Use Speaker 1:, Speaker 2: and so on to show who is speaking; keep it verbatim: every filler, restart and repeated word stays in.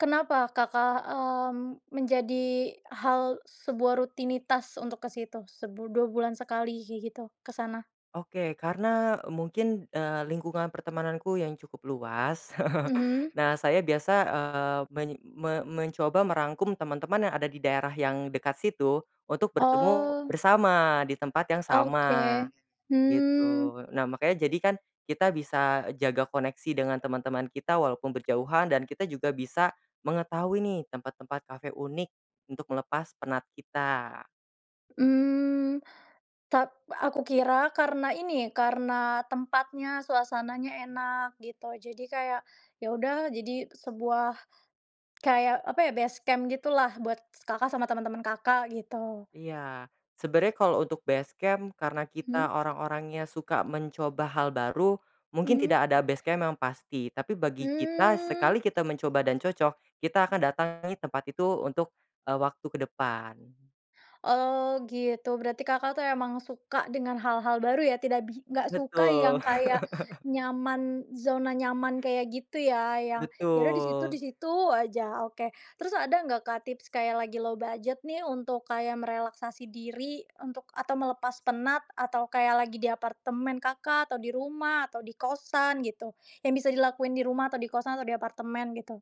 Speaker 1: Kenapa, Kakak, mmm, menjadi hal sebuah rutinitas untuk ke situ sebu dua bulan sekali kayak gitu, ke sana?
Speaker 2: Oke, karena mungkin, eee, lingkungan pertemananku yang cukup luas.
Speaker 1: Mhm.
Speaker 2: Nah, saya biasa, eee, menyi me mencoba merangkum teman-teman yang ada di daerah yang dekat situ untuk bertemu
Speaker 1: Oh.
Speaker 2: bersama di tempat yang sama,
Speaker 1: Oke, hmm.
Speaker 2: gitu. Nah, makanya jadikan kita bisa e jaga koneksi dengan teman-teman kita, walaupun berjauhan dan kita juga bisa mengetahui nih tempat-tempat kafe unik untuk melepas penat kita.
Speaker 1: Mmm, tap aku kira karena ini, karena tempatnya, suasananya enak gitu. Jadi, kayak, ya udah jadi sebuah kayak, apa ya, base camp gitulah buat s Kakak sama teman-teman Kakak, gitu.
Speaker 2: Iya. Sebenarnya kalau untuk base camp karena
Speaker 1: Hmm.
Speaker 2: kita orang-orangnya suka mencoba hal baru, mungkin
Speaker 1: Mhm.
Speaker 2: tidak ada base camp yang pasti, tapi bagi kita,
Speaker 1: Hmm.
Speaker 2: sekali kita mencoba dan cocok, kita akan datangi tempat itu untuk, eee, waktu ke depan.
Speaker 1: Oh, gitu. Berarti Kakak tuh emang suka dengan hal-hal baru ya, tidak bi nggak suka
Speaker 2: Betul.
Speaker 1: yang kayak nyaman, zona nyaman, kayak gitu ya, yang ya udah di situ, di
Speaker 2: Betul.
Speaker 1: situ aja, oke. Terus ada nggak, Kak, tips kayak lagi low budget nih, untuk kayak merelaksasi diri untuk atau melepas penat, atau kayak lagi di apartemen Kakak, atau di rumah, atau di kosan gitu, yang bisa dilakuin di rumah atau di kosan atau di apartemen, gitu?